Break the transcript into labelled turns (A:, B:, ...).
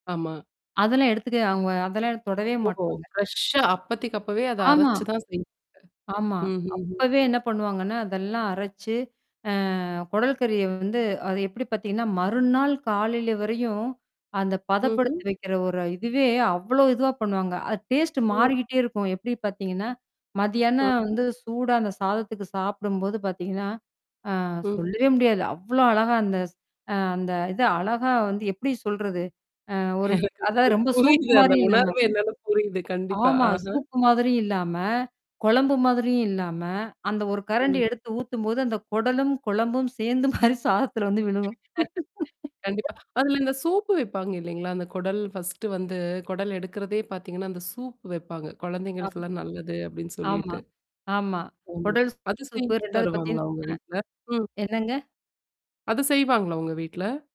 A: ஆமா.
B: அதெல்லாம் எடுத்துக்க அவுங்க அதெல்லாம் தொடவே
A: ஓ!
B: மாட்டாங்க.
A: ஃப்ரெஷ்ஷா அப்பதைக்கப்பவே அத
B: ஆமா.
A: அரைச்சு தான் செய்வீங்க.
B: ஆமா.
A: ம்ஹ்ஹ்ம்.
B: அப்பவே என்ன பண்ணுவாங்கன்னா, அதெல்லாம் அரைச்சு அ கொடல் கறிய வந்து அது எப்படி பாத்தீங்கன்னா, மறுநாள் காலைல வரையும், அந்த
A: ம்ஹ்ம்.
B: பதப்படுத்தி வைக்கிற ஒரு இதுவே அவ்ளோ இதுவா பண்ணுவாங்க. அது டேஸ்ட்
A: ம்.
B: மாறிக்கிட்டே இருக்கும். எப்படி பாத்தீங்கன்னா? மதியானம்
A: ம்.
B: வந்து சூடா அந்த சாதத்துக்கு சாப்பிடும்போது பாத்தீங்கன்னா, ஆ
A: ம்.
B: சொல்லவே முடியாது. அவ்ளோ அழகா அந்த-அ அந்த இத அழகா வந்து எப்படி சொல்றது? அ ஒரு அதா ரொம்ப சூப்
A: புரியுது. அந்த
B: மாரி இல்லாம
A: உணர்வு என்னனு புரியுது. கண்டிப்பா.
B: ஆமா.
A: ஆஹ.
B: சூப்பு மாதிரியும் இல்லாம, கொழம்பும் மாதிரியும் இல்லாம, அந்த ஒரு கரண்ட்டி
A: ம்.
B: எடுத்து ஊத்தும்போது அந்த கொடலும், குழம்பும் சேந்து மாரி சாதத்தில வந்து விழுகும்
A: கண்டிப்பா. அதுல இந்த சூப்பு வைப்பாங்க இல்ல்லலைங்களா? அந்த குடல் ஃபர்ஸ்ட்டு வந்து குடல் எடுக்கிறதே பாத்தீங்கன்னா, அந்த சூப்பு வைப்பாங்க.
B: ஆ.
A: கொழந்தைங்களுக்கெல்லாம் நல்லது அப்படின்னு
B: ஆமா.
A: சொல்லிட்டு.
B: ஆமா.
A: ஆமா அது
B: கொடல்சூப்பு
A: செஞ்ச்சு
B: ரெண்டாவது பாரத்தீங்க
A: தருவாங்களா
B: அ.
A: உங்க வீட்ல. ம்.
B: என்னங்க?
A: அது செய்வாங்களா உங்க வீட்ல?